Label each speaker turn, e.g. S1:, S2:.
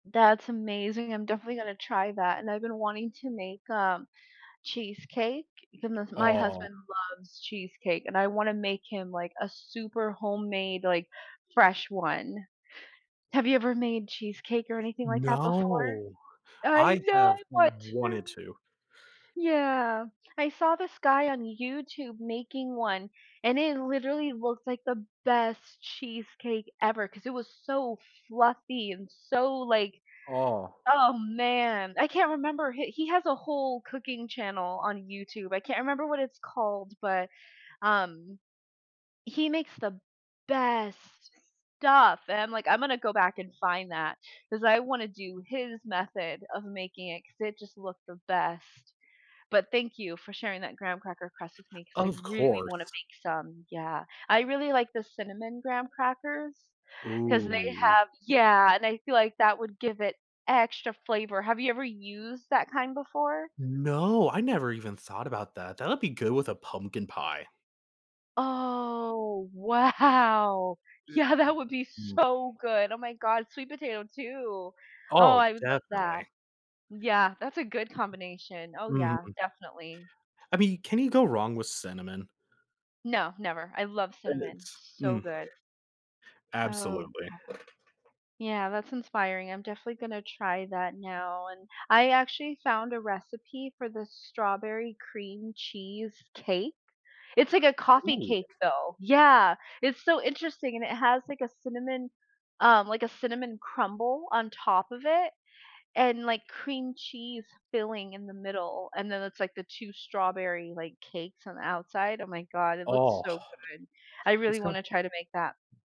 S1: That's amazing, I'm definitely gonna try that. And I've been wanting to make, um, cheesecake [unintelligible] my
S2: Oh.
S1: husband loves cheesecake, and I wanna make him, like, a super homemade, like, fresh one. Have you ever made cheesecake or anything like that before?
S2: No.
S1: I
S2: I
S1: know,
S2: have
S1: I want to!
S2: wanted to.
S1: Yeah. I saw this guy on YouTube making one, and it literally looks like the best cheesecake ever 'cause it was so fluffy and so, like
S2: Oh.
S1: oh, man. I can't remember, h he has a whole cooking channel on YouTube. I can't remember what it's called, but, um, he makes the best stuff. And I'm, like, "I'm gonna go back and find that." 'Cause I wanna do his method of making it 'cause it just looked the best. But thank you for sharing that graham cracker crust with me 'cause I
S2: Of
S1: really wanna
S2: course.
S1: make some. Yeah, I really like the cinnamon graham crackers 'cause they
S2: Ooh.
S1: have yeah, and I feel like that would give it extra flavor. Have you ever used that kind before?
S2: No, I never even thought about that. That'll be good with a pumpkin pie.
S1: Oh, wow.
S2: Eh,
S1: Yeah, that would be
S2: d mm.
S1: so good. Oh, my god. Sweet potato, too. Oh,
S2: Oh,
S1: I would love that.
S2: definitely.
S1: Yeah, that's a good combination. Oh, yeah,
S2: Mhm.
S1: definitely.
S2: I mean, can you go wrong with cinnamon?
S1: No, never, I love
S2: And
S1: cinnamon.
S2: it's
S1: So
S2: mm.
S1: good. Oh,
S2: Absolutely.
S1: okay. Yeah, that's inspiring, I'm definitely gonna try that now and I actually found a recipe for the strawberry cream cheese cake. It's like a coffee
S2: Ooh.
S1: cake, though. Yeah. It's so interesting and it has, like, a cinnamon, um, like, a cinnamon crumble on top of it and, like, cream cheese filling in the middle. And then it's, like, the two strawberry, like, cakes on the outside. Oh, my god, it looks
S2: Oh,
S1: so good, I
S2: it's
S1: really
S2: got
S1: wanna try to make that.